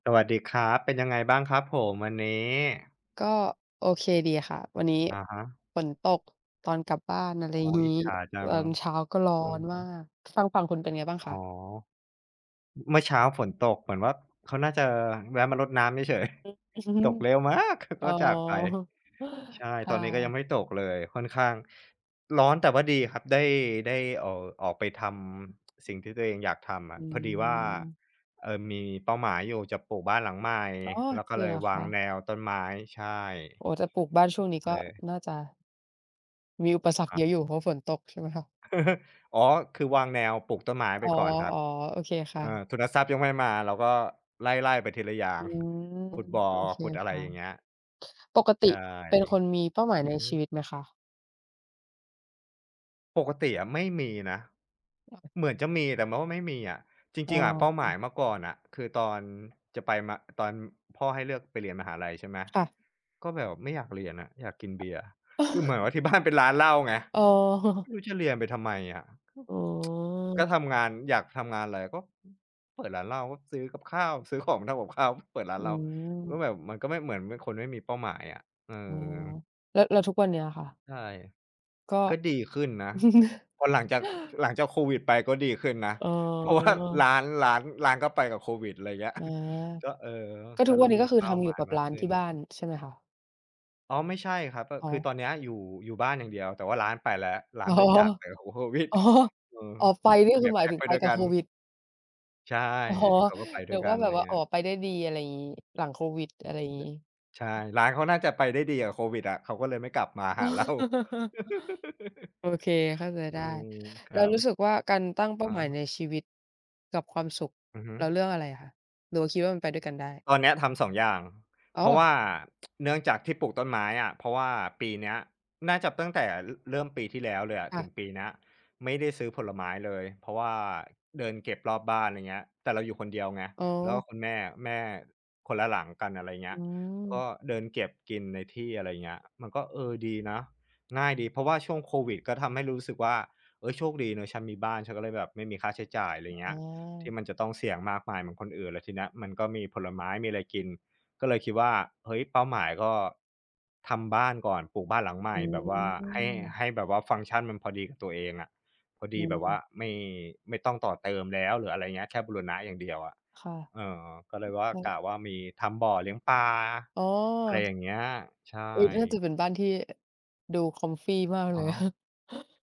สวัสดีครับ เป็นยังไงบ้างครับผมวันนี้? ก็โอเคดีค่ะ วันนี้อะฮะ ฝนตก ตอนกลับบ้าน อะไรอ๋อ งีอิจ้ ฉาจัตอง นเช้าก็ร้ออือนฮมาึ ก ทางฝั่งคุณเป็นไงบ้างอคะ? ๋อ ม เมื่อเช้าฝนตก เหมือนว่าเขาน่าจะแวะมารดน้ำเฉย อือ อือฮึ ๆ ตกเร็วมากแล้วกอ๋อ ็จากไป ใช่ คต่อนนี้ก็ยังะ ไม่ตกเลย ค่อนข้างร้อน แต่ว่าดีครับ ได้ ได้ออก ออกไปทำ สิ่งที่ตัวเองอยากทำออืะ พอดีว่า ม เอ่อ มีเป้าหมายอยู่ จะปลูกบ้านหลังใหม่ อ๋อ แล้วก็จริเลงเยหรอวคางะ? แนวต้นไม้ ใช่ โอ้โฮ จะปลูกบ้านช่วงนี้กเ็ลย น่าจะ มีอุปสอระรฮคเยะ อะอยู่ เพราะฝนตก ใช่ไหมคะ? อ๋อ คือวางแนวปลูกต้นไม้ไอป๋อ ก่อนครับ ๆ โอเคค่เออ ะ ทุนทรัพย์ยังไม่มา เราก็ไล่ ๆ ไปทีละอย่าอง ืม ขุดบ่อ โอเคขุดอะคไร่ะ อย่างเงี้ย ปกตใชิ่ เป็นคนมีเป้าหมายในอือชฮีึ วิตไหมคะ? ปกติอะไม่มีนะ อ้อ เหมือนจะมีแต่ว่าไม่มีอะ จรอ๋ิง ๆ อะเป้าหมาอ ยเมื่อก่อนอะคือตอนจะไปมา ตอนพ่อให้เลือกไปเรียนมหาลัยใช่ไหม ค่ะ ก็แบบไม่อยากเรียนอะ อยากกินเบียร์ คือเหมือนว่า ที่บ้าน เป็นร้านเหล้าไง อ๋ไมอ ่รู้จะเรียนไปทำไมอะ ก็ อ๋อ ก็ทำงาน อยากทำงานไรก็ ฮ เปิดร้านเหล้าก็ซื้อกับข้าว ซื้อของทำกับข้าว เปิดร้อานืเหล้า ม ก็แบบมันก็ไม่ เหมือนเป็นคนไม่มีเป้าหมายอะ เออ๋อ อ แล้ว แล้วทุกวันเนี้ยอะค่ะ ใช่ ก็ ก็ดีขึ้นนะ พอหลังจาก พ หลังจากโควิดไปก็ดีขึ้นนะ อ๋เพราะว่ารอ ้าน ร้าน ร้านก็ไปกับโควิด ไรเงี้ย อา ก็ เออ ก็กทุ็กเวริั่นมนี้มกี็คืเอป้ทาำอหยมูา่ยกับมารก้านขึ้ที่บ้น าน ใช่ไหมคะ? อ๋อ ไม่ใช่ครับ ก็อ๋คืออ ตอนนี้อยู่ อยู่บ้านอย่างเดียว แต่ว่าร้านไปแล้ว ร้อา๋นอ ได้จากไปพร้อม โควิด อ๋อ อือ อ๋อ ไฟ นี่เนคีื่อยหมแาพย็กถึงไปไปด้วยกับกัโคน วิด? ใช่ อ๋อ เขาก็ไปด้นึวยกกัว่าน แบไรบว่า เงอี๋้อ ย ไปได้ดี อะไรงี้ หลังโควิด อะไรแบงี้ บ ใช่ ร้านเขาน่าจะไปได้ดีกับโควิดอะ เขาก็เลยไม่กลับมาอห๋อ า เรา โอเค เข้าใจอไดื้ ม คแลร้ัวบ รู้สึกว่า การตั้งเป้อาาหมายฮะ ในชีวิตกับความสุข อือฮึ เราเลือกอะไรอะคะ หรือว่าคิดว่ามันไปด้วยกันได้? ตอนเนี้ยทำ 2 อย่าง อ๋เพราะวอ ่า เนื่องจากที่ปลูกต้นไม้อะ เพราะว่าปีเนี้ย น่าจะตั้งแต่เริ่มปีที่แล้วเลยอะค่ถะ ึงปีเนี้ย ไม่ได้ซื้อผลไม้เลย เพราะว่าเดินเก็บรอบบ้าน ไรเงี้ย แต่เราอยู่คนเดียวไง อ๋อ แล้วก็คุณแม่ แม่ คนละหลังกัน อะไรเงอี้ืย กม ็เดินเก็บกินในที่ อะไรเงี้ย มันก็ เออ ดีนะ ง่ายดี เพราะว่าช่วงโควิดก็ทำให้รู้สึกว่า "เอ๊ย โชคดีนะฉันมีบ้าน ฉันก็เลยแบบไม่มีค่าใช้จ่าย" ไรอ๋เงี้ย "ทีอ ่มันจะต้องเสี่ยงมากมายเหมือนคนอื่น" แล้วทีเนี้ยมันก็มีผลไม้ มีอะไรกิน ก็เลยคิดว่า เฮ้ย เป้าหมายก็ทำบ้านก่อน ปลูกบ้านหลังใหมอ่ แบบว่าให้ ืม ให้แบบว่าฟังก์ชันมันพอดีกับตัวเองอะ พออดืีแบบว่าม ไม่ ไม่ต้องต่อเติมแล้ว หรืออะไรเงี้ย แค่บูรณะอย่างเดียวอะ ค่ะ เออ ก็เลยว่า ใชก่ ะว่ามีทำบ่อเลี้ยงปลา อ๋อะไรอ อย่างเงี้ย ใชอุ๊ย น่า่ จะเป็นบ้านที่ดู comfy มากอเลือย ฮึ